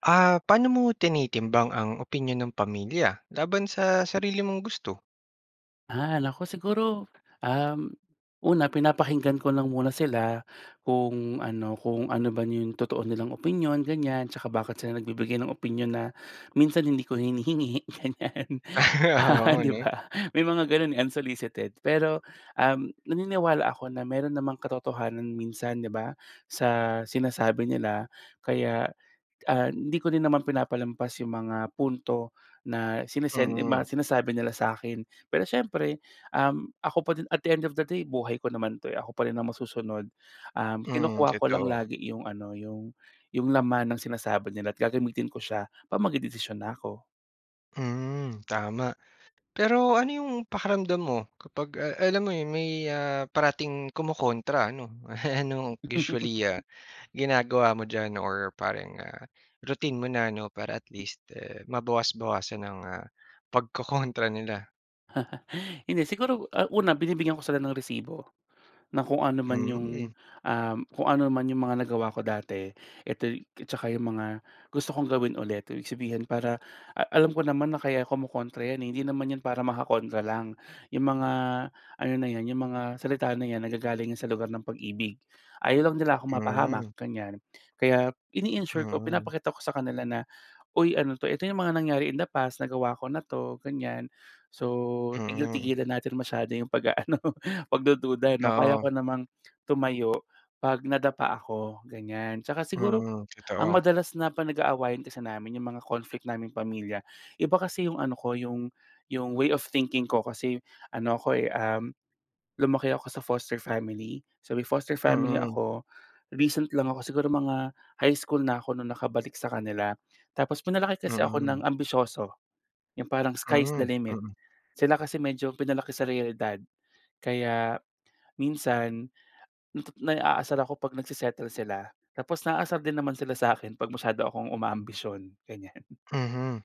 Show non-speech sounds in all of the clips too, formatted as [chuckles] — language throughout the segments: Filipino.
Ah, paano mo tinitimbang ang opinyon ng pamilya laban sa sarili mong gusto? Ah, nako siguro, um, una pinapakinggan ko lang muna sila kung ano kung ano ba 'yong totoo nilang opinyon, ganyan tsaka bakit sila nagbibigay ng opinyon na minsan hindi ko hinihingi, ganyan, [laughs] Oo, 'di 'no? ba? May mga gano'n, eh, unsolicited. Pero, um, naniniwala ako na meron namang katotohanan minsan, 'di ba? Sa sinasabi nila, kaya, ah, hindi ko rin naman pinapalampas yung mga punto na sinesen Mm. mga sinasabi nila sa akin. Pero siyempre, um, ako pa din at the end of the day, buhay ko naman 'to, eh, ako pa rin ang masusunod. Um, Mm, kinukuha ko lang totoo. lagi 'yong ano, 'yong 'yong laman ng sinasabi nila at gagamitin ko siya 'pag magdedesisyon na ako. Hmm, tama. Pero ano yung pakiramdam mo kapag, a alam mo 'yon, may, ah, parating kumokontra, ano? [laughs] Ano usually, ah, ginagawa mo diyan or parang, ah, routine mo na ano, para at least, eh, mabawas-bawasan ang, ah, pagkokontra nila? Hindi siguro, ah, una binibigyan ko sila ng resibo, na kung ano man yung, Mhm. ah, kung ano naman yung mga nagawa ko dati, eto tsaka yung mga gusto kong gawin ulit, ibig sabihin, para a alam ko naman na kaya kumokontra 'yan eh, hindi naman 'yan para makakontra lang. Yung mga ano na 'yan yung mga salita na 'yan, nanggagaling sa lugar ng pag-ibig. Ayaw lang nila akong mapahamak, Mhm. ganyan. Kaya ini-ensure ko, Mhm. pinapakita ko sa kanila na, "uy, ano 'to?" Eto yung mga nangyari in the past, nagawa ko na 'to, ganyan. So, Mhm. tigil-tigilan natin masyado yung pag-aano, [laughs] pagdududa, 'no? Kaya ko Oo. namang tumayo 'pag nadapa ako, ganyan. Tsaka siguro Mhm, ang totoo. madalas na pa nag-aawayan kasi namin yung mga conflict naming pamilya, iba kasi yung ano ko, yung yung way of thinking ko, kasi ano ako, eh, um, lumaki ako sa foster family. So, may foster family Mm. ako. Recent lang ako, siguro mga high school na ako, na nakabalik sa kanila tapos pinalaki kasi ako na Mm. ang ambisyoso, yung parang sky is the Mm, limit. mm. Sila kasi medyo pinalaki sa realidad. Kaya minsan, natu naaasar ako 'pag nagse-settle sila tapos naaasar din naman sila sa akin 'pag masyado akong uma-ambisyon, ganyan. [chuckles] Mhm,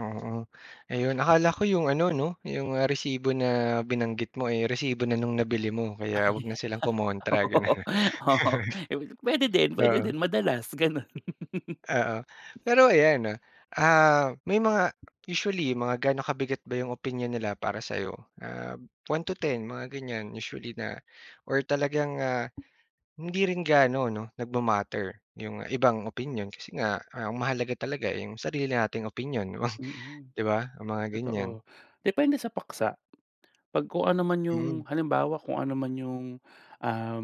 oo. Ayun. Akala ko 'yong ano, 'no 'yong, ah, resibo na binanggit mo, eh, resibo na nung nabili mo kaya 'wag na silang kumontra Oo, gano'n. oo. Pwede [chuckles] din. Pwede Oo. din. Madalas ganun. Oo, pero ayan 'no, ah, may mga usually mga ga'no kabigat ba 'yong opinyon nila para sa'yo? Ah, 1 to 10 mga ganyan? Usually na or talagang, ah, hindi rin gaano 'no, nagma-matter 'yong ibang opinyon kasi nga ang mahalaga talaga, eh, yung sarili nating opinyon, [chuckles] Mm, 'di ba? O mga ganyan. totoo, depende sa paksa. 'Pag kung ano man yung, Mhm. halimbawa, kung ano man yung um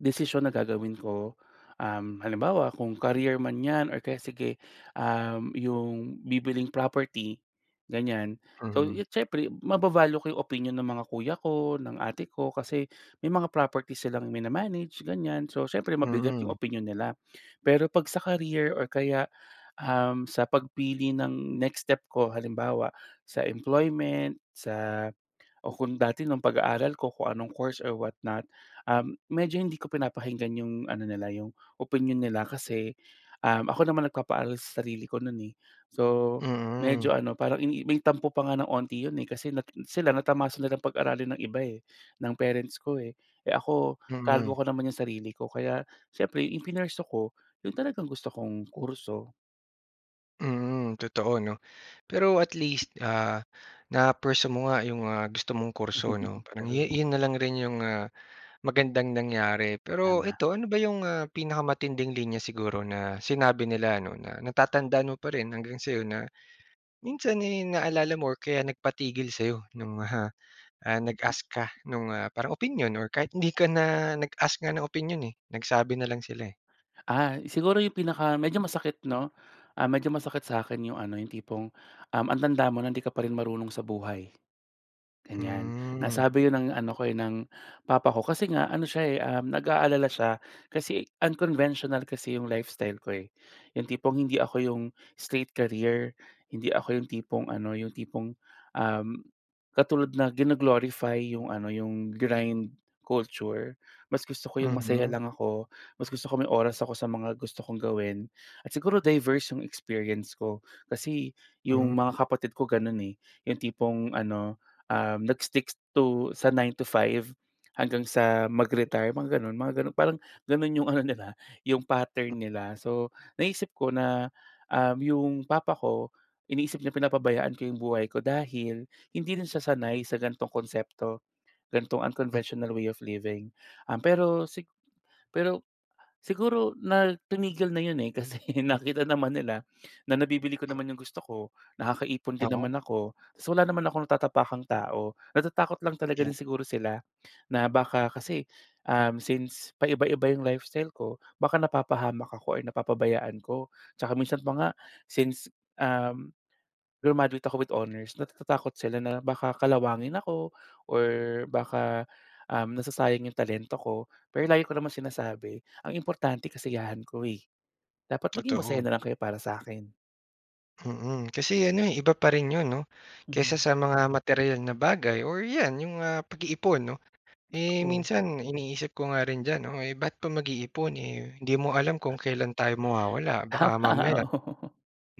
desisyon na gagawin ko. Um, halimbawa, kung career man 'yan or kaya sige, um, 'yong bibilhing property, ganyan. So, Mhm. siyempre mava-value ko 'yong opinyon ng mga kuya ko, ng ate ko, kasi may mga property silang mina-manage, ganyan. So, siyempre mabigat 'yong Mm. opinyon nila. Pero 'pag sa career or kaya, um, sa pagpili ng next step ko halimbawa, sa employment, sa o kung dati nung pag-aaral ko, kung anong course or what not, um, medyo hindi ko pinapakinggan 'yong ano nila 'yong opinyon nila. Kasi, um, ako naman nagpapaaral sa sarili ko no'n, eh. So, Mm. medyo ano, parang i may tampo pa nga ng 'onti 'yon, eh, kasi na sila natamasa nila pag-aralin ng iba eh, ng parents ko, eh. Eh, ako, Mm. kargo ko naman 'yong sarili ko kaya siyempre 'yong ipinursue ko, 'yon talagang gusto kong kurso. Mm, totoo 'no. Pero at least, ah, na-pursue mo nga 'yong, ah, gusto mong kurso, 'no. Parang yo True. 'yon na lang rin 'yong, ah, magandang nangyari. Pero Tama. eto ano ba 'yong, ah, pinakamatinding linya siguro na sinabi nila ano na natatandaan mo pa rin hanggang sa 'yon na minsan, eh, naalala mo or kaya nagpatigil sa'yo no'ng ah, ah, nag-ask ka no'ng, ah, parang opinyon? Or kahit hindi ka na nag-ask nga ng opinyon, eh, nagsabi na lang sila, eh. Ah, siguro yung pinaka medyo masakit, 'no, ah, medyo masakit sa akin yung ano yung tipong, um, "Ang tanda mo na di ka pa rin marunong sa buhay." Ganyan, Hmm. nasabi yun ng ano ko, eh, ng papa ko kasi nga ano siya, eh, um, nag-aalala siya kasi, unconventional kasi yung lifestyle ko, eh. Yung tipong hindi ako 'yong straight career, hindi ako yung tipong ano yung tipong, um, katulad na gino-glorify yung ano, yung grind culture. Mas gusto ko yung masaya Mhm. lang ako, mas gusto ko may oras ako sa mga gusto kong gawin at siguro diverse yung experience ko, kasi, yung mga Mhm. kapatid ko ganun, eh. Yung tipong ano, um, nag-stick to sa 9 to 5 hanggang sa mag-retire mga ganun mga ganun parang ganun yung ano nila yung pattern nila. So, naisip ko na, um, 'yong papa ko iniisip niya pinapabayaan ko yung buhay ko dahil hindi rin siya sanay sa gan'tong konsepto, gan'tong Mm. unconventional way of living. Um, pero si pero siguro na tumigil na 'yon, eh, kasi nakita naman nila na nabibili ko M naman yung gusto ko, nakakaipon din Oo. naman ako. So wala naman akong natatapakang tao. Natatakot lang talaga din siguro sila na baka kasi, um, since paiba-iba yung lifestyle ko, baka napapahamak ako or napapabayaan ko. Tsaka minsan pa nga since, um, grumaduate ako with honors, natatakot sila na baka kalawangin ako or baka, um, nasasayang yung talento ko, pero lagi ko naman sinasabi ang importante kasiyahan ko, eh, dapat maging masaya Totoo. nalang kayo para sa akin. Mm, kasi ano, eh, iba pa rin 'yon 'no kaysa Hmm. sa mga materyal na bagay or 'yan 'yong, ah, pag-iipon 'no. Eh, Totoo. minsan iniisip ko nga rin diyan 'no, ay ba't pa mag-iipon, eh, hindi mo nga alam kung kailan tayo mawawala. Baka Tama, mamaya oo.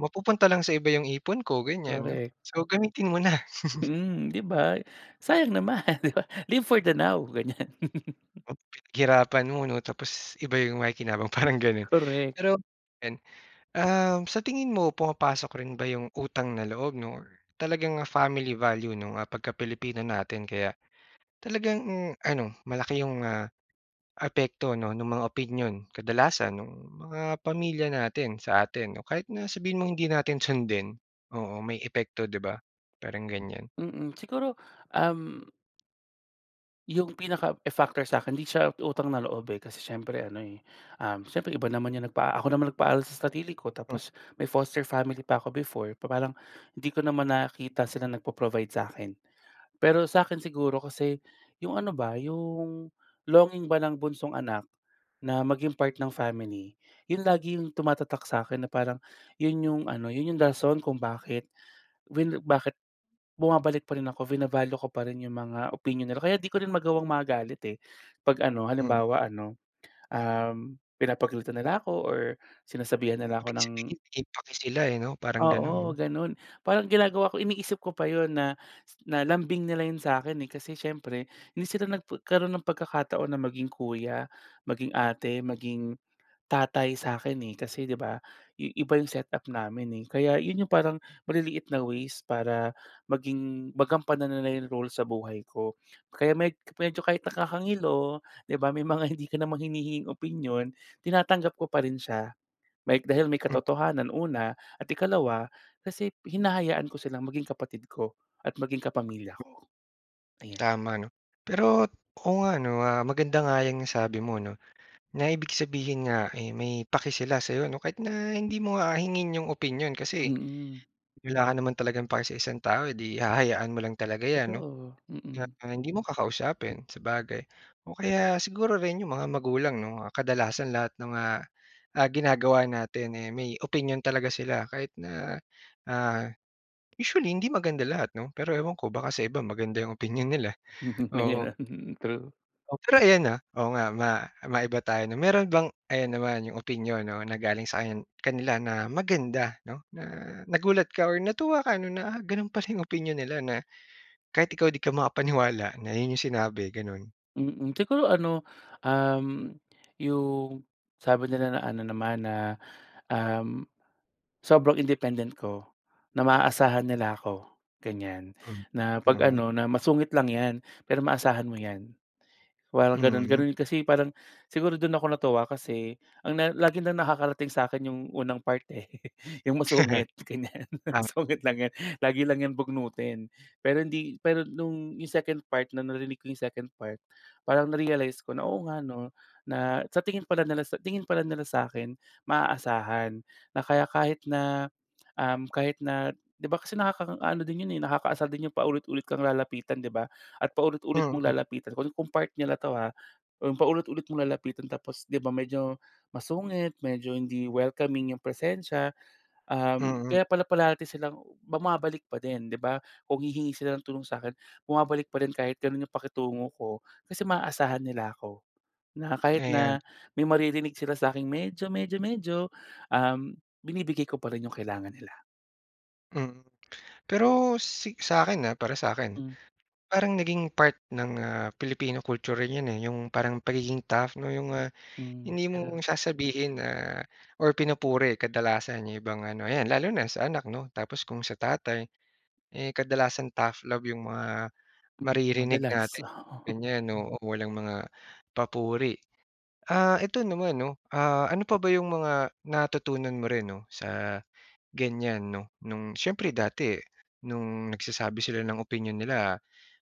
mapupunta lang sa iba 'yong ipon ko ganyan. Correct. So, gamitin mo na. [chuckles] Hmm, 'di ba? Sayang naman, 'di ba live for the now, ganyan. [chuckles] Pinaghirapan mo 'no tapos iba 'yong makikinabang parang gano'n. Correct. Pero 'yan, um, sa tingin mo pumapasok rin ba 'yong utang na loob 'no or talagang family value 'no, ah, pagka Pilipino natin kaya talagang ano malaki 'yong, ah, apekto 'no ng mga opinyon. Kadalasan no'ng mga pamilya natin sa atin o kahit na sabihin mong hindi natin sundin, oo may epekto, 'di ba? Parang ganyan. Mm, siguro, um 'Yong pinaka, eh, factor sa akin, hindi siya utang na loob, eh, kasi siyempre ano, eh, um, siyempre iba naman 'yong nagpa ako naman nagpaaral sa sarili ko Hmm. tapos may foster family pa ako before. Pa parang hindi ko naman nakita sila nagpo-provide sa'kin. Pero sa'kin siguro kasi 'yong ano ba 'yong longing ba ng bunsong anak na maging part ng family. 'Yon lagi 'yong tumatatak sa akin na parang 'yon 'yong ano, 'yon 'yong rason kung bakit vin bakit bumabalik pa rin ako, bina-value ko pa rin 'yong mga opinyon nila. Kaya 'di ko rin magawang magalit, eh. 'Pag ano, Hmm. halimbawa ano, um, pinapagalitan nila ako or sinasabihan nila ako Ibig sabihin ng may pake sila, eh, 'no? Parang Oo gano'n. gano'n. Parang ginagawa ko, iniisip ko pa 'yon na na lambing nila 'yon sa akin, eh, kasi siyempre hindi sila nagpa karoon ng pagkakataon na maging kuya, maging ate, maging tatay sa akin, eh, kasi 'di ba i iba 'yong set up namin, eh. Kaya 'yon yung parang maliliit na ways para maging magampanan nila 'yong role sa buhay ko. Kaya med medyo kahit nakakangilo 'di ba, may mga hindi ka naman hinihinging opinyon, tinatanggap ko pa rin siya. May dahil may Hmm. katotohanan, una at ikalawa kasi hinahayaan ko silang maging kapatid ko at maging kapamilya ko. [clicks tongue] Ayan. Tama 'no. Pero oo nga 'no, ah, maganda nga 'yang nasabi mo 'no, na ibig sabihin nga, eh, may pake sila sayo 'no. Kahit na hindi mo nga hingin 'yong opinyon kasi Mm. wala ka naman talagang pake sa isang tao, eh, 'di hahayaan mo lang talaga 'yan 'no. Totoo, Kaya mm. hindi mo kakausapin, sabagay. O kaya siguro rin 'yong mga magulang 'no ah kadalasan lahat ng, ah, ah, ginagawa natin, eh, may opinyon talaga sila kahit na, ah, usually hindi maganda lahat 'no pero ewan ko baka sa iba maganda 'yong opinyon nila, oo. [unintelligible] True. Pero ayan, ah, oo nga ma maiba tayo 'no. Meron bang ayan naman 'yong opinyon 'no na galing sa kan kanila na maganda 'no na nagulat ka or natuwa ka 'no na, "Ah, gano'n pala 'yong opinyon nila," na kahit ikaw 'di ka makapaniwala na 'yon 'yong sinabi gano'n. Mm. Siguro ano, um, 'yong sabi nila na ano naman na, um, sobrang independent ko, na maaasahan nila ako, ganyan. Hmm. Na 'pag [unintelligible] ano na, "Masungit lang 'yan pero maasahan mo 'yan," parang gano'n. Hmm. Gano'n kasi parang siguro do'n ako natuwa kasi ang na lagi lang nakakarating sa'kin 'yong unang part, eh, [chuckles] 'yong masungit, ganyan. Ah. "Sungit lang 'yan, lagi lang 'yan bugnutin," pero hindi pero no'ng 'yong second part na narinig ko 'yong second part, parang na-realize ko na, "Oo nga 'no," na sa tingin pala nila sa tingin pala nila sa'kin maaasahan. Na kaya kahit na, um, kahit na 'di ba kasi nakakaano din 'yon, eh, nakakaasar din 'yong paulit-ulit kang lalapitan 'di ba, at paulit-ulit mong Mm. lalapitan kung part nila na 'to ha. Kung paulit-ulit mong lalapitan tapos 'di ba medyo masungit, medyo hindi welcoming 'yong presensya, um, Mm. kaya pala parati silang bumabalik pa din 'di ba. Kung hihingi sila ng tulong sa'kin, bumabalik pa rin kahit gano'n 'yong pakitungo ko kasi maaasahan nila ako. Na kahit Ayan. na may maririnig sila sa akin medyo medyo medyo, um, binibigay ko pa rin 'yong kailangan nila. Mm. Pero si sa'kin, ah, para sa'kin, Mm. parang naging part ng, ah, Pilipino culture rin yun, eh, yung parang pagiging tough, 'no? Yong, ah, Hmm. hindi mo Pero. sasabihin na or pinupuri kadalasan yung ibang ano, yan lalo na sa anak, 'no. Tapos, kung sa tatay, eh, kadalasan tough love yong mga Mm. maririnig Madalas. natin Oo. ganyan. Oo, walang mga papuri. Ah, ito naman 'no, ah, ano pa ba yong mga natutunan mo rin, 'no, sa ganyan, 'no? No'ng, siyempre dati no'ng nagsasabi sila ng opinyon nila,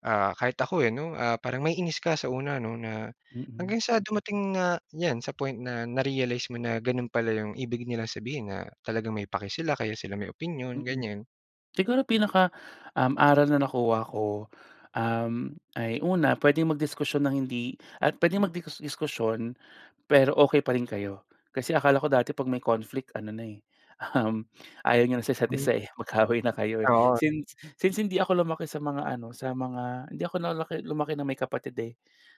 ah, kahit ako, eh, 'no, ah, parang maiinis ka sa una 'no. Na Mm. hanggang sa dumating nga yan sa point na na-realize mo na gano'n pala yong ibig nilang sabihin, na talagang may paki sila, kaya sila may opinyon Mm. ganyan. Siguro, pinaka um, aral na nakuha ko, um, ay una puwedeng mag-diskusyon ng hindi At puwedeng magdi-diskusyon, pero okay pa rin kayo. Kasi, akala ko dati 'pag may conflict ano na, eh, um, ayaw niyo na sa isa't Hmm. isa eh, mag-kaaway na kayo, eh. Oo. Since since hindi ako lumaki sa mga ano sa mga, hindi ako nalaki, lumaki na may kapatid eh.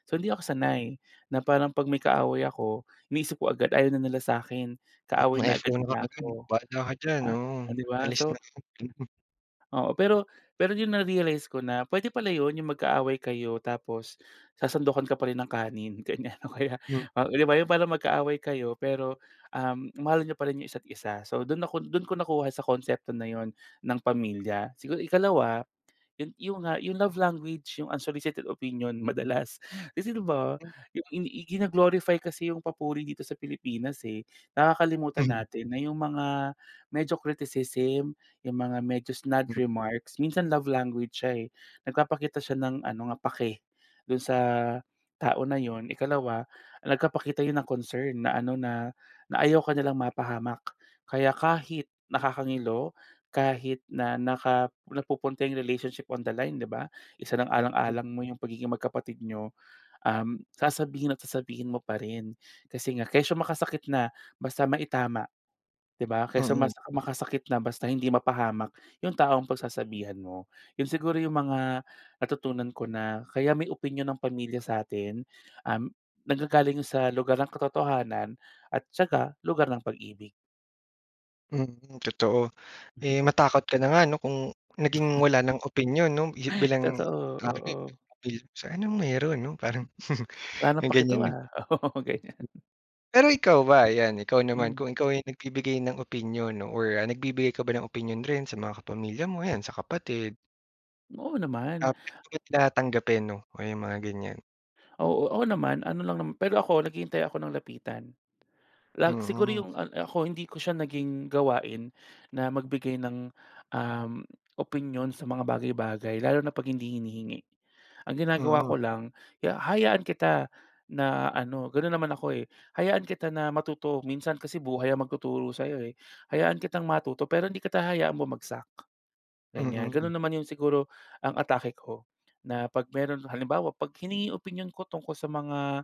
So, hindi ako sanay. Na parang 'pag may kaaway ako, iniisip ko agad ayaw na nila sa'kin, Mm. kaaway na Na-FO agad na nila kaagad. ko. "Bahala ka diyan." Ah, Oo. o 'di ba? "Alis So na diyan." Gano'n. Oo, pero pero yun na-realize ko na pwede pala yun, yung magkaaway kayo, tapos sasandukan ka pa rin ng kanin, ganyan. O kaya, Hmm. o 'di ba, yung parang magkaaway kayo, pero um, mahal niyo pa rin yung isa't isa. So, do'n ako, do'n ko nakuha sa konsepto na 'yun ng pamilya. Sigu ikalawa, yun yun nga yung love language, yung unsolicited opinion madalas kasi, 'di ba? Hmm. Yung inii gino-glorify kasi yung papuri dito sa Pilipinas, eh. Nakakalimutan Mhm. natin na yung mga medyo criticism, yung mga medyo snide Mhm. remarks. Minsan love language siya, eh. Nagpapakita siya ng ano nga, pake do'n sa tao na yun. Ikalawa, nagpapakita yun ng concern na ano, na na ayaw ka nilang mapahamak. Kaya kahit nakakangilo, kahit na naka napupunta yung relationship on the line, 'di ba? Hmm. Isasaalang-alang mo yung pagiging magkapatid niyo. Um, sasabihin at sasabihin mo pa rin, kasi nga, kesyo makasakit na, basta maitama, 'di ba? Kaysa Mm. masa makasakit na basta hindi mapahamak, yung taong pagsasabihan mo. Yun siguro yung mga natutunan ko na, kaya may opinyon ng pamilya sa atin, um, naggagaling sa lugar ng katotohanan, at tsaka lugar ng pag-ibig. Mm, totoo. [gasps] [chuckles] Eh. matakot ka na nga 'no? Kung naging wala ng opinyon, 'no, ih [gasps] bilang. Totoo, [unintelligible] oo. So, anong meron 'no, parang [chuckles] Wala ng yung paki 'to ganyan, eh. ah, oo, ganyan. Pero, ikaw ba yan, ikaw naman Mm. kung ikaw ay nagbibigay ng opinyon or nagbibigay ka ba ng opinyon rin sa mga kapamilya mo ayan sa kapatid? Oo naman. [unintelligible] Na tanggapin 'no, ah, yung mga ganyan. Oo, ako naman, ano lang naman Pero, ako naghihintay ako na lapitan. Lag siguro Mm. yung, ah, ako hindi ko siya naging gawain na magbigay ng, um, opinyon sa mga bagay-bagay, lalo na 'pag hindi hinihingi. [gasps] Ang ginagawa Mm. ko lang hi hayaan kita na ano, ganun naman ako, eh, hayaan kita na matuto. Minsan kasi, buhay ang magtuturo sayo, eh. [gasps] Hayaan kitang matuto, pero hindi kita hayaan bumagsak, ganyan. Ganun Mm. naman yung siguro, ang atake ko. Na 'pag meron halimbawa, 'pag hiningi opinyon ko tungkol sa mga,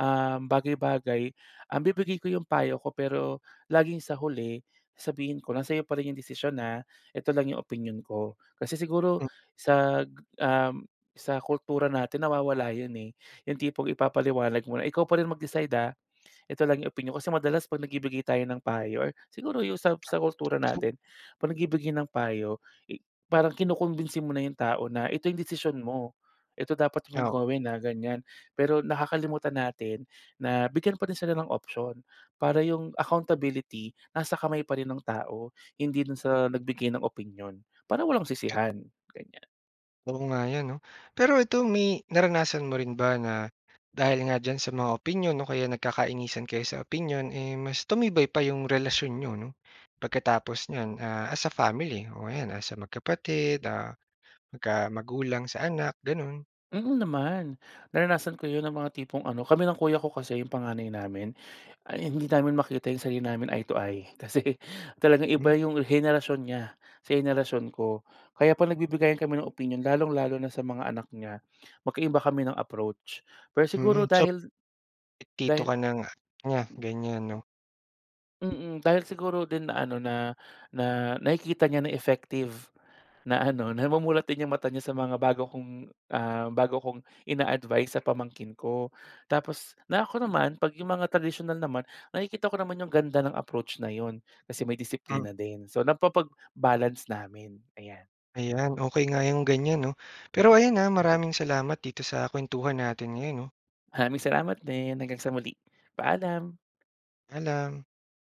ah, bagay-bagay. [gasps] Um, bibigay ko yung payo ko, pero laging sa huli sabihin ko na, "Sa'yo pa rin yung desisyon, ha. Ito lang yung opinyon ko." Kasi siguro Hmm. sa ga, um, sa kultura natin nawawala yun eh. [gasps] Yung tipong ipapaliwanag mo, "Ikaw pa rin mag-decide, ah, ito lang yung opinyon ko." Kasi madalas 'pag nagbibigay tayo ng payo, or siguro yung sa sa kultura At [unintelligible] natin, 'pag nagbibigay ng payo, eh, parang kinukumbinsi mo na yung tao na, "Ito yung desisyon mo. Eto dapat mong Oo. gawin, ah." Ganyan. Pero, nakakalimutan natin na bigyan pa rin sila ng option. Para yung accountability nasa kamay pa rin nung tao. Hindi na sa nagbigay ng opinyon, para walang [unintelligible] sisihan, ganyan. Oo nga yun 'no. Pero ito, may naranasan mo rin ba na, dahil nga diyan sa mga opinyon o kaya nagkakainisan kayo sa opinyon, eh, mas tumibay pa yung relasyon n'yo 'no, pagkatapos niyan, ah, as a family o yan as magkapatid, ah, magka magulang sa anak ganun. Mm, naman. Naranasan ko yun ng mga tipong ano, kami ng kuya ko kasi, yung panganay namin, ay hindi namin makita yung sarili namin, eye to eye. [gasps] Kasi talagang Hmm. iba yung henerasyon niya sa henerasyon ko. [breath] Kaya 'pag nagbibigayan kami ng opinyon, lalong-lalo na sa mga anak niya. [gasps] Magkaiba kami ng approach, pero Mhm, siguro, so dahil Ti tito dahi ka na hi nga. Nga ganyan, 'no. Mm, dahil siguro din na-ano na na nakikita niya na effective na-ano, namumulat din yung mata niya sa mga bago kong, um, bago kong ina-advice sa pamangkin ko. Tapos, na ako naman, 'pag yung mga tradisyonal naman, nakikita ko naman yung ganda ng approach na yun. Kasi, may Hmm. disiplina din. So, napapag-balance namin, ayan. Ayan ,okey nga yung ganyan 'no? Pero, ayan ah, maraming salamat dito sa kuwentuhan natin ngayon, 'no? Maraming salamat din! Hanggang sa muli, paalam! Paalam!